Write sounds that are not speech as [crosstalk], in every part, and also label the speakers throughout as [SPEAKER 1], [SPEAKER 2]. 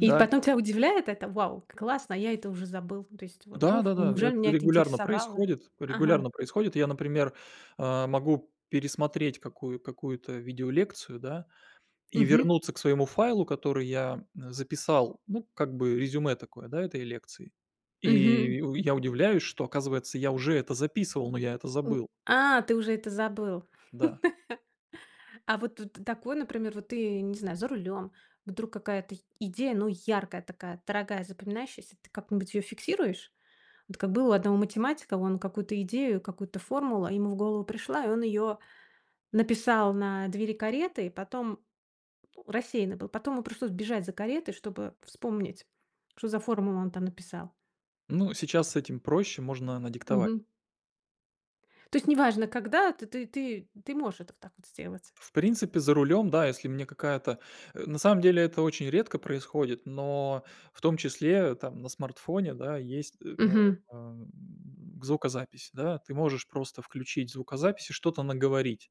[SPEAKER 1] И потом тя удивляет это. Вау, к классно, я это уже забыл. То есть во вуф
[SPEAKER 2] Да-да-да,
[SPEAKER 1] неужели меня
[SPEAKER 2] это
[SPEAKER 1] это
[SPEAKER 2] регулярно
[SPEAKER 1] интересовало?
[SPEAKER 2] происходит
[SPEAKER 1] Ага.
[SPEAKER 2] регулярно происходит. Я, например, а, могу пересмотреть какую какую-то видеолекцию, да, и
[SPEAKER 1] Мгм.
[SPEAKER 2] вернуться к своему файлу, который я, м, записал. Ну, как бы резюме такое, да, этой лекции.
[SPEAKER 1] Мгм.
[SPEAKER 2] И у я удивляюсь, что, оказывается, я уже это записывал, но я это
[SPEAKER 1] В
[SPEAKER 2] забыл.
[SPEAKER 1] а, ты уже это забыл. [laughs]
[SPEAKER 2] Да.
[SPEAKER 1] А вот вт такой, например, вот ты, не знаю, за рулем. Вдруг какая-то й идея, ну, яркая, такая, дорогая, запоминающаяся, ты как-нибудь её фиксируешь? Вот как было у одного математика: он какую-то идею, какую-то формулу, а, ему в голову пришла, и он её написал на двери кареты, и потом, ну, рассеянный был. Потом ему пришлось бежать за каретой, чтобы вспомнить, что за формулу он там написал.
[SPEAKER 2] Ну, сейчас с этим проще, можно надиктовать.
[SPEAKER 1] Мгм. То есть неважно, когда ты ты ты ты можешь это вот так вот сделать?
[SPEAKER 2] В принципе за рулем, да, если мне какая-то э, на самом деле это очень редко происходит, но в том числе, э, там на смартфоне, да, есть,
[SPEAKER 1] Мгм.
[SPEAKER 2] эм, звукозапись, да, ты можешь просто включить звукозапись и что-то наговорить.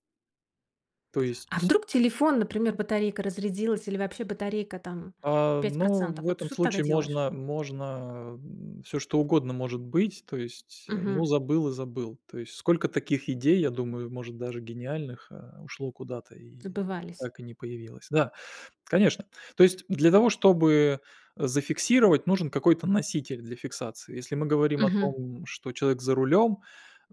[SPEAKER 2] То
[SPEAKER 1] А
[SPEAKER 2] есть
[SPEAKER 1] вдруг телефон, например, батарейка разрядилась или вообще батарейка там
[SPEAKER 2] А,
[SPEAKER 1] пять
[SPEAKER 2] ну,
[SPEAKER 1] процентов?
[SPEAKER 2] в
[SPEAKER 1] Вот
[SPEAKER 2] этом
[SPEAKER 1] что ты тогда
[SPEAKER 2] случае
[SPEAKER 1] делаешь?
[SPEAKER 2] можно можно, м всё, что угодно может быть. То есть, ну,
[SPEAKER 1] Мгм.
[SPEAKER 2] забыл и забыл. То есть сколько таких идей, я думаю, может, даже гениальных, а, ушло куда-то и
[SPEAKER 1] Забывались.
[SPEAKER 2] так и не появилось. Да, конечно. То есть для того, чтобы зафиксировать, нужен какой-то носитель для фиксации. Если мы говорим о
[SPEAKER 1] Мгм.
[SPEAKER 2] том, что человек за рулём,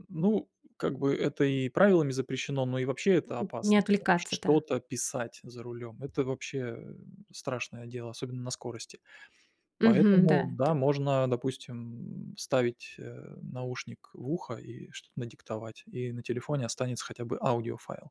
[SPEAKER 2] ну, как бы это и правилами запрещено, но и вообще
[SPEAKER 1] М
[SPEAKER 2] это
[SPEAKER 1] м. Не
[SPEAKER 2] опасно, да.
[SPEAKER 1] отвлекаться, да.
[SPEAKER 2] Что-то писать за рулем- это вообще страшное дело, особенно на скорости.
[SPEAKER 1] Мгм, да,
[SPEAKER 2] Поэтому,
[SPEAKER 1] это
[SPEAKER 2] да, можно, допустим, м, ставить, э, наушник в ухо и что-то надиктовать, и на телефоне останется хотя бы аудиофайл.